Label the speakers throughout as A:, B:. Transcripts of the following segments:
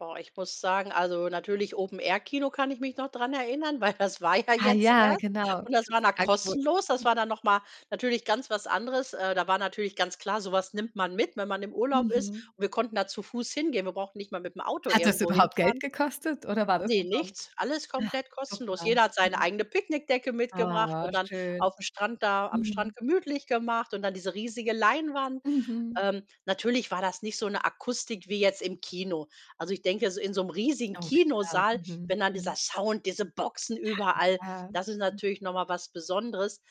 A: Boah, ich muss sagen, also, natürlich Open Air Kino kann ich mich noch dran erinnern, weil das war ja
B: Ah,
A: jetzt
B: ja,
A: erst
B: genau,
A: und
B: das
A: das
B: hat
A: war
B: sich
A: dann
B: angeboten,
A: kostenlos. Das
B: mhm.
A: war dann noch mal natürlich ganz was anderes, äh, da war natürlich ganz klar, so was nimmt man mit, wenn man im Urlaub ist.
B: Mhm.
A: Wir konnten da zu Fuß hingehen, wir brauchten nicht mal mit dem Auto
B: Hat das
A: irgendwo
B: überhaupt Geld
A: hinfahren.
B: gekostet, oder war das
A: Ne,
B: umsonst?
A: nichts, alles
B: Ah,
A: komplett kostenlos.
B: super,
A: Jeder hat seine
B: mhm.
A: eigene Picknickdecke mitgebracht
B: Ah,
A: und dann
B: schön.
A: auf'm Strand da am
B: Mhm.
A: Strand gemütlich gemacht und dann diese riesige Leinwand.
B: Mhm.
A: Ähm, natürlich war das nicht so 'ne Akustik wie jetzt im Kino. Also, ich denke, s in so 'nem riesigen
B: Oh, klar.
A: Kinosaal,
B: Mhm,
A: wenn dann
B: mhm.
A: dieser Sound, diese Boxen
B: Ja,
A: überall,
B: klar.
A: das ist
B: Mhm.
A: natürlich noch mal was Besonderes.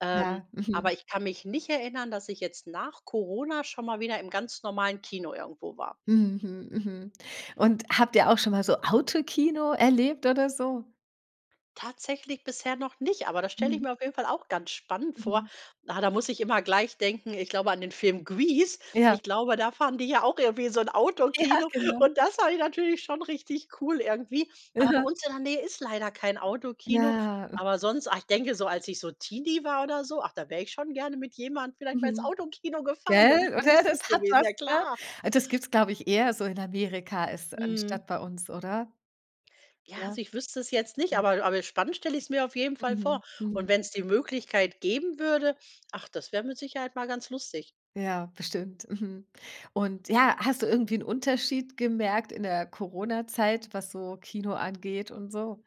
A: Ähm,
B: Ja, mhm.
A: aber ich kann mich nicht erinnern, dass ich jetzt nach Corona schon mal wieder im ganz normalen Kino irgendwo war.
B: Hm, hm, mhm. Und habt ihr auch schon mal so Autokino erlebt oder so?
A: Tatsächlich bisher noch nicht, aber das stelle ich
B: Mhm.
A: mir auf jeden Fall auch ganz spannend vor.
B: Mhm.
A: Ah, da muss ich immer gleich denken, ich glaube an den Film Grease.
B: Ja.
A: Ich glaube, da fahren die ja auch irgendwie in so 'n
B: Ja,
A: Autokino
B: genau.
A: und das fand ich natürlich schon richtig cool irgendwie. Aber bei
B: Aha.
A: uns in der Nähe ist leider kein Autokino.
B: Ja, m
A: Aber sonst, ach, ich denke so, als ich so Teenie war oder so, ach, da wäre ich schon gerne mit jemandem vielleicht mal ins
B: Mhm.
A: Autokino gefahren, wäre
B: Gell,
A: bestimmt
B: oder,
A: lustig
B: das hat
A: gewesen,
B: was,
A: ja
B: ne?
A: klar.
B: Das gibt es, glaube ich, eher so in Amerika als
A: Mhm.
B: anstatt bei uns, oder?
A: Ja,
B: Ja.
A: also, ich wüsste es jetzt nicht,
B: Mhm.
A: aber aber spannend stelle ich es mir auf jeden Fall
B: Mhm,
A: vor.
B: mhm.
A: Und wenn's die Möglichkeit geben würde, ach, das wäre mit Sicherheit mal ganz lustig.
B: Ja, bestimmt, mhm. Und, ja, hast du irgendwie 'n Unterschied gemerkt in der Corona-Zeit was so Kino angeht und so?